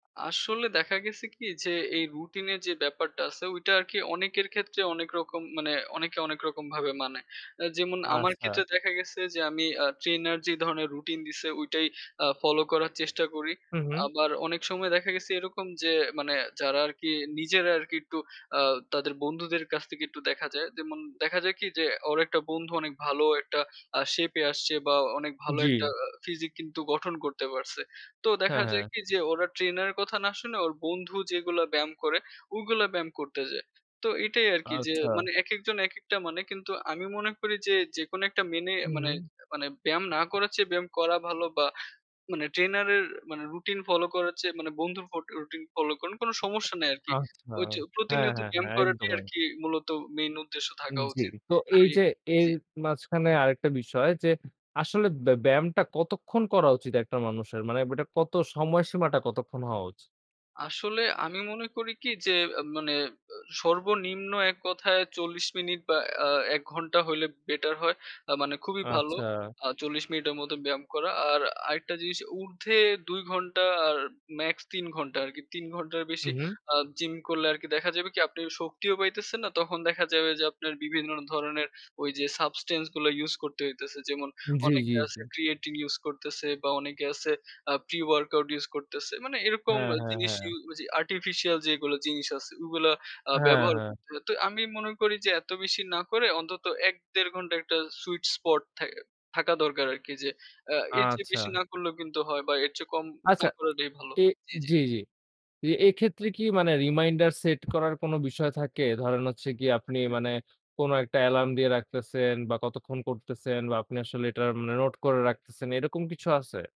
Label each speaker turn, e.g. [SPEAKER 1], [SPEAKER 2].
[SPEAKER 1] আসলে দেখা গেছে কি যে এই রুটিন এর যে ব্যাপারটা আছে ওইটা আরকি অনেকের ক্ষেত্রে অনেক রকম মানে অনেকে অনেক রকম ভাবে মানে। আ যেমন আমার
[SPEAKER 2] আচ্ছা।
[SPEAKER 1] ক্ষেত্রে দেখা গেছে যে আমি আ ট্রেনার যে ধরণের রুটিন দিছে ঐটাই আ ফলো করার চেষ্টা করি।
[SPEAKER 2] হুম, হুম।
[SPEAKER 1] আবার অনেক সময় দেখা গেছে এরকম যে মানে যারা আরকি নিজেরা আরকি একটু আ তাদের বন্ধুদের কাছ থেকে একটু দেখা যায়। যেমন দেখা যায় কি যে ওর অনেকটা বন্ধু অনেক ভালো একটা আ শেপ এ আসছে বা অনেক ভালো একটা
[SPEAKER 2] জ্বি।
[SPEAKER 1] ফিজিক কিন্তু গঠন করতে পারছে। তো
[SPEAKER 2] হ্যাঁ,
[SPEAKER 1] দেখা
[SPEAKER 2] হ্যাঁ।
[SPEAKER 1] যায় কি যে ওরা ট্রেনার এর কথা না শুনে ওর বন্ধু যেগুলো ব্যায়াম করে ওগুলা ব্যায়াম করতে যায়। তো এটাই আরকি যে
[SPEAKER 2] আচ্ছা।
[SPEAKER 1] মানে একেকজন একেকটা মানে কিন্তু আমি মনে করি যে যেকোন একটা মেনে মানে
[SPEAKER 2] হুম।
[SPEAKER 1] মানে ব্যায়াম না করার চেয়ে ব্যায়াম করা ভালো বা মানে ট্রেনারের মানে রুটিন ফলো করার চেয়ে মানে বন্ধুর ফট রুটিন ফলো করেন কোন সমস্যা নাই আরকি।
[SPEAKER 2] আচ্ছা।
[SPEAKER 1] ওই যে
[SPEAKER 2] হ্যাঁ,
[SPEAKER 1] প্রতিনিয়ত
[SPEAKER 2] হ্যাঁ,
[SPEAKER 1] ব্যায়াম
[SPEAKER 2] হ্যাঁ,
[SPEAKER 1] করাটাই
[SPEAKER 2] একদমই।
[SPEAKER 1] আরকি মূলত মেইন উদ্দেশ্য
[SPEAKER 2] উম
[SPEAKER 1] থাকা
[SPEAKER 2] জ্বি।
[SPEAKER 1] উচিত।
[SPEAKER 2] তো এই
[SPEAKER 1] আমি
[SPEAKER 2] যে এর
[SPEAKER 1] জি।
[SPEAKER 2] মাঝখানে আরেকটা বিষয় যে আসলে ব্যা ব্যায়ামটা কতক্ষণ করা উচিত একটা মানুষের মানে বে এটা কত সময়সীমাটা কতক্ষণ হওয়া উচ
[SPEAKER 1] আসলে আমি মনে করি কি যে মানে আ সর্বনিম্ন এক কথায় ৪০ মিনিট বা আ ১ ঘন্টা হইলে বেটার হয়। আ মানে খুবই ভালো।
[SPEAKER 2] আচ্ছা।
[SPEAKER 1] আ ৪০ মিনিটের মতো ব্যায়াম করা। আর আরেকটা জিনিস উর্ধ্বে ২ ঘণ্টা আর ম্যাক্স ৩ ঘন্টা আরকি। ৩ ঘন্টার
[SPEAKER 2] হু,
[SPEAKER 1] বেশি
[SPEAKER 2] হুম।
[SPEAKER 1] আ জিম করলে আরকি দেখা যাবে কি আপনি শক্তিও পাইতেছেন না, তখন দেখা যাবে যে আপনার বিভিন্ন ধরনের ওইযে subtance গুলো ইউস করতে হইতাছে। যেমন
[SPEAKER 2] জ্বী,
[SPEAKER 1] অনেকে
[SPEAKER 2] জ্বী,
[SPEAKER 1] আছে
[SPEAKER 2] জ্বী।
[SPEAKER 1] creatine ইউস করতেছে বা অনেকে আ আছে প্রি-ওয়ার্কআউট ইউস করতেছে। মানে এরকম
[SPEAKER 2] হ্যাঁ, হ্যাঁ,
[SPEAKER 1] জিনিস
[SPEAKER 2] হ্যাঁ।
[SPEAKER 1] ইউ যে আর্টিফিশিয়াল যেগুলো জিনিস আছে ওগুলো আ
[SPEAKER 2] হ্যাঁ,
[SPEAKER 1] ব্যবহার
[SPEAKER 2] হ্যাঁ।
[SPEAKER 1] করতে হয়। তো আমি মনে করি যে এত বেশি না করে অন্তত ১, ১.৫ ঘন্টার একটা সুইট স্পট থা থাকা দরকার আরকি যে আ এর চেয়ে বেশি
[SPEAKER 2] আচ্ছা।
[SPEAKER 1] না করলেও কিন্তু হয় বা এর চেয়ে কম না
[SPEAKER 2] আচ্ছা,
[SPEAKER 1] করাটাই ভালো।
[SPEAKER 2] এ
[SPEAKER 1] জি, জি।
[SPEAKER 2] জি, জি। এ এক্ষেত্রে কি মানে রিমাইন্ডার সেট করার কোনো বিষয় থাকে? ধরেন হচ্ছে গিয়ে
[SPEAKER 1] আ
[SPEAKER 2] আপনি
[SPEAKER 1] জি
[SPEAKER 2] মানে কোন একটা অ্যালার্ম দিয়ে রাখতেছেন বা কতক্ষণ করতেছেন বা আপনি আসলে এটা মানে নোট করে রাখতেছেন এরকম কিছু আছে?